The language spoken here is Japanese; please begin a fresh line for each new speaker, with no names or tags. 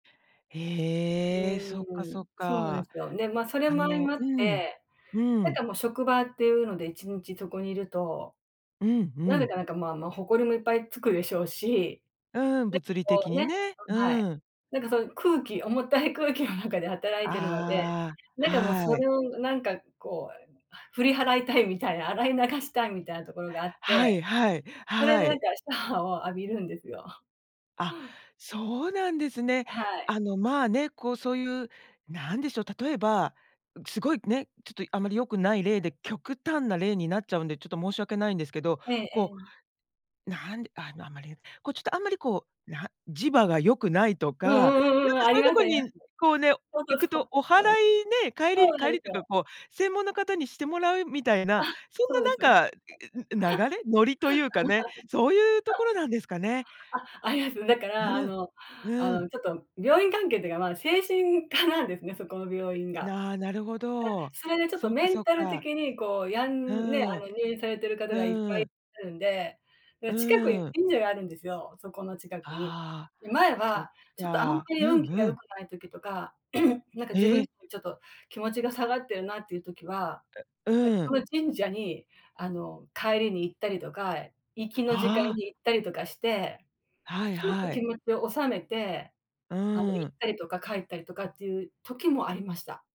う
へえ、そっか
ー
そ
ん、
っ
そうなん
か。
ですよ。で、ま、それ
あ
も相
の
まっ
うん、
て、
う
なん
ん。
かもう職場っていうので、1日そこに居ると、
うんう
なぜ
ん。
かなんか、まあまあ、ほこりもいっぱい付くでしょうし、
うん、物理
なんこ
的
う
に
ね
ね。
うん、はい、
うん。
なんかそういう空気重たい空気の中で働いているので、
ああ、
なんかもうそ
はい。
れを、なんかこう振り払いたいみたいな、洗い流したいみたいなところがあっ
は
て、
いはい、
それ
は
でなん
い。
かシャワー を浴びるんですよ。
あ、そうなんですね。
あ、はい。
あの、まあね、こう、そういう、なんでしょう、例えば、ん、すごいね、ちょっとあまり良くない例で、極端な例になっちゃうんで、ちょっと申し訳ないんですけど、
ええ
こ
ええ。
う、なんであのあまりこうちょっとあんまりこう、な磁場が良くないとか、
うんう
なん
んうんうん、
か
あ
そう
り
いう
ま
と
す
こ
ありま
に、
す。
こうね、
ほんと
行く
その
とお
通り
祓いね、帰り、
そうな
帰
んで
り
す
というか
よ。
こう、専門の方にしてもらうみたい
あ、
な、そんな
そうですね。
なんか、いい、う、流れノリというかね、そういうとこ ろなんですかね？
あ、ありますね。だからあ
うん。
の、あ
う
の
ん。
ちょっと病院関係っていうか、ま、精神科なんですね、そこの病院が。あ、
ななるほど。
それでちょっと
そっか
メ
そ
ン
っ
タル
か。
的にこうやんね、
う
あの
ん。
入院されてる方がいっぱい、
う
し
ん。
ゃるんで。で、近くに
うん。
神社があるんですよ、そこの近くに。
ああ、
で、前
そっ
は、ちょっとあんま
か。
り
う
運
ん
気が
う
良く
ん。
ない時とか、なんか自分
え
も
え。
ちょっと気持ちが下がってるなっていう時は、
うう
だす
ん。
ごい神社に、あの帰りに行ったりとか、行きの時間
ああ。
に行ったりとかして、
はい
ちょっと
は
気
い。
持ちを収めて、あの行
うん。
ったりとか帰ったりとかっていう時もありました。